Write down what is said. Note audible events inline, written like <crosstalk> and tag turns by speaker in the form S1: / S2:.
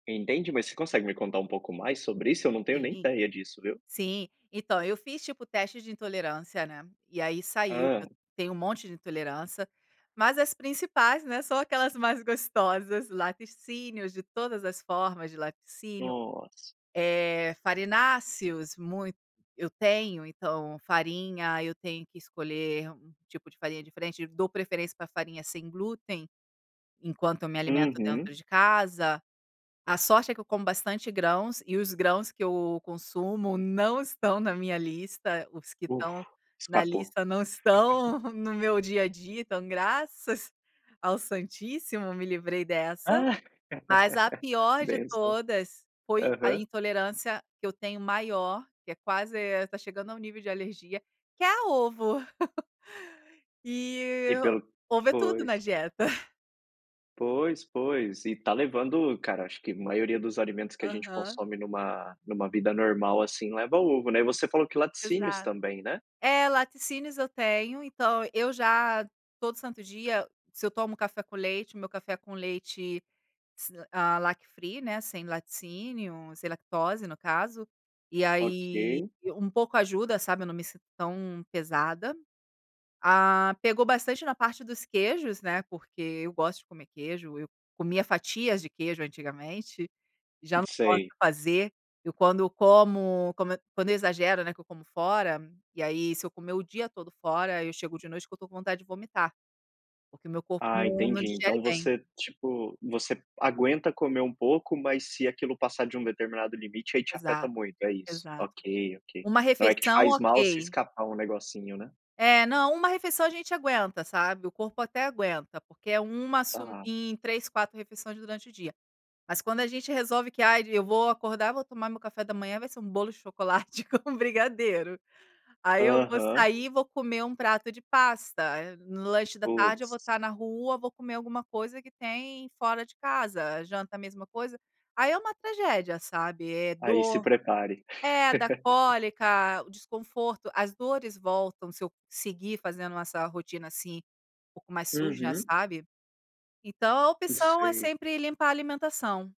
S1: Entendi, mas você consegue me contar um pouco mais sobre isso? Eu não tenho nem
S2: Sim,
S1: ideia disso, viu.
S2: sim. Então, eu fiz, tipo, teste de intolerância, né, e aí saiu que eu
S1: Hã.
S2: tenho um monte de intolerância, mas, as principais, né, são aquelas mais gostosas. Laticínios, de todas as formas de laticínios,
S1: Nossa.
S2: eh, farináceos muito eu tenho, então, farinha, eu tenho que escolher um tipo de farinha diferente. Dou preferência pra farinha sem glúten, enquanto eu me alimento
S1: Uhum.
S2: dentro de casa. A sorte é que eu como bastante grãos e os grãos que eu consumo não estão na minha lista. Os que estão
S1: Ufa.
S2: na
S1: Escapou.
S2: lista não
S1: <laughs>
S2: estão no meu dia a dia, então, graças ao santíssimo, me livrei dessa.
S1: Ah!
S2: Mas a
S1: <laughs>
S2: pior de
S1: Bênção.
S2: todas foi a
S1: Aham.
S2: intolerância que eu tenho maior, que é quase eh, tá chegando ao nível de alergia, que é a ovo. <laughs> E
S1: E pelo
S2: ovo é tudo na
S1: pois.
S2: dieta. <laughs>
S1: Pois, pois, e tá levando cara, acho que maioria dos alimentos que a gente
S2: Aham.
S1: consome numa numa vida normal, assim, leva ovo, né. E você falou que laticínios
S2: Exato.
S1: também, né.
S2: É, laticínios, eu tenho, então eu já todo santo dia, se eu tomo café com leite, o meu café com leite s hã, lac free né, sem laticínio, sem lactose, no caso, e aí
S1: OK.
S2: e, um pouco ajuda, sabe, eu não me sinto tão pesada. Ah, pegou bastante na parte dos queijos, né, porque eu gosto de comer queijo, eu comia fatias de queijo antigamente. Já não posso
S1: Sei.
S2: fazer. Eu, quando eu como, como quando eu exagero, né, que eu como fora, e aí, se eu comer o dia todo fora, eu chego de noite que eu tô com vontade de vomitar. Porque o meu corpo
S1: Ah,
S2: não
S1: entendi, então
S2: digere bem.
S1: você, tipo, você aguenta comer um pouco, mas se aquilo passar de um determinado limite, aí te afeta
S2: Exato,
S1: muito, é isso.
S2: exato.
S1: OK, OK.
S2: 1
S1: Não é que te
S2: refeição,
S1: faz mal, se
S2: OK.
S1: escapar um negocinho, né.
S2: É, não, 1 refeição a gente aguenta, sabe. O corpo até aguenta, porque é 1 sum
S1: Aham.
S2: em 3, 4 refeições durante o dia. Mas, quando a gente resolve que "Ai, eu vou acordar, vou tomar meu café da manhã, vai ser um bolo de chocolate com brigadeiro. Aí, eu vou
S1: Aham.
S2: sair e vou comer um prato de pasta, eh, no lanche da tarde, eu vou
S1: Putz.
S2: estar na rua, vou comer alguma coisa que tem fora de casa. A janta, a mesma coisa". Aí, é uma tragédia, sabe, é
S1: Ai, se
S2: dor.
S1: prepare.
S2: É, dá
S1: <laughs>
S2: cólica, o desconforto as dores voltam, se eu seguir fazendo essa rotina, assim, um pouco mais suja,
S1: Uhum.
S2: sabe. Então, a
S1: Hum,
S2: opção é
S1: sei.
S2: sempre limpar a alimentação.